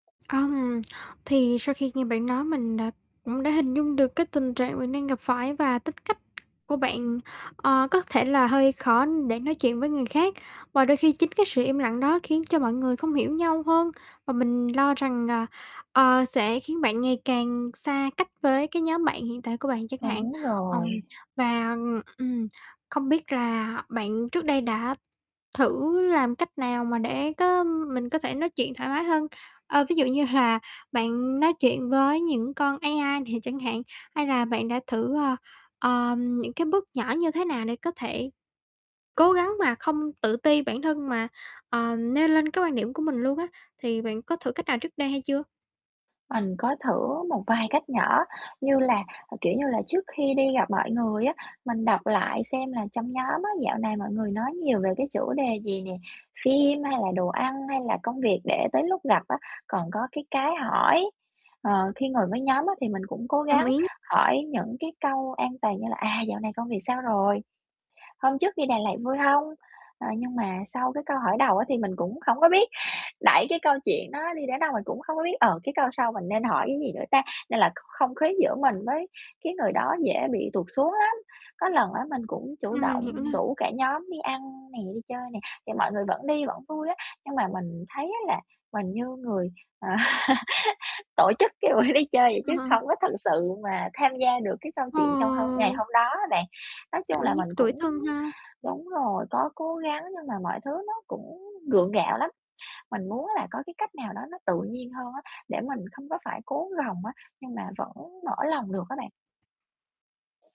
Ừm, thì sau khi nghe bạn nói, mình, à, cũng đã hình dung được cái tình trạng bạn đang gặp phải và tính cách của bạn, ờ, có thể là hơi khó để nói chuyện với người khác, và đôi khi chính cái sự im lặng đó khiến cho mọi người không hiểu nhau hơn, và mình lo rằng, à, ờ, sẽ khiến bạn ngày càng xa cách với cái nhóm bạn hiện tại của bạn chẳng hạn. Đúng Ờm, rồi. và ừm, ừm, không biết là bạn trước đây đã thử làm cách nào mà để có mình có thể nói chuyện thoải mái hơn? Ờ, ví dụ như là bạn nói chuyện với những con AI nè chẳng hạn, hay là bạn đã thử, ờ, ờm, những cái bước nhỏ như thế nào để có thể cố gắng mà không tự ti bản thân mà, ờ, nêu lên cái quan điểm của mình luôn á. Thì bạn có thử cách nào trước đây hay chưa? Mình có thử một vài cách nhỏ như là kiểu như là, trước khi đi gặp mọi người á, mình đọc lại xem là trong nhóm á, dạo này mọi người nói nhiều về cái chủ đề gì nè, phim hay là đồ ăn hay là công việc để tới lúc gặp á còn có cái cái hỏi. Ờ, khi ngồi với nhóm á thì mình cũng cố Đồng gắng ý. hỏi những cái câu an toàn như là "À, dạo này công việc sao rồi? Hôm trước đi Đà Lạt vui hông?" Ờ, nhưng mà sau cái câu hỏi đầu á thì mình cũng hổng có biết đẩy cái câu chuyện đó đi đến đâu. Mình cũng hông có biết: "Ờ, cái câu sau mình nên hỏi cái gì nữa ta?" nên là kh không khí giữa mình với cái người đó dễ bị tụt xuống lắm. Có lần á, mình cũng chủ Ừm, mình hiểu động nè. rủ cả nhóm đi ăn nè, đi chơi nè, thì mọi người vẫn đi, vẫn vui á, nhưng mà mình thấy á là mình như người, à, tổ chức cái buổi đi chơi vậy Ờ, chứ hờ. không có thực sự mà tham gia được cái câu chuyện trong hôm ngày Ờ! hôm đó á bạn. Nói chung Cảm là mình giác tủi cũng thân ha. đúng rồi, có cố gắng nhưng mà mọi thứ nó cũng gượng gạo lắm. Mình muốn là có cái cách nào đó nó tự nhiên hơn á để mình không có phải cố gồng á, nhưng mà vẫn mở lòng được á bạn?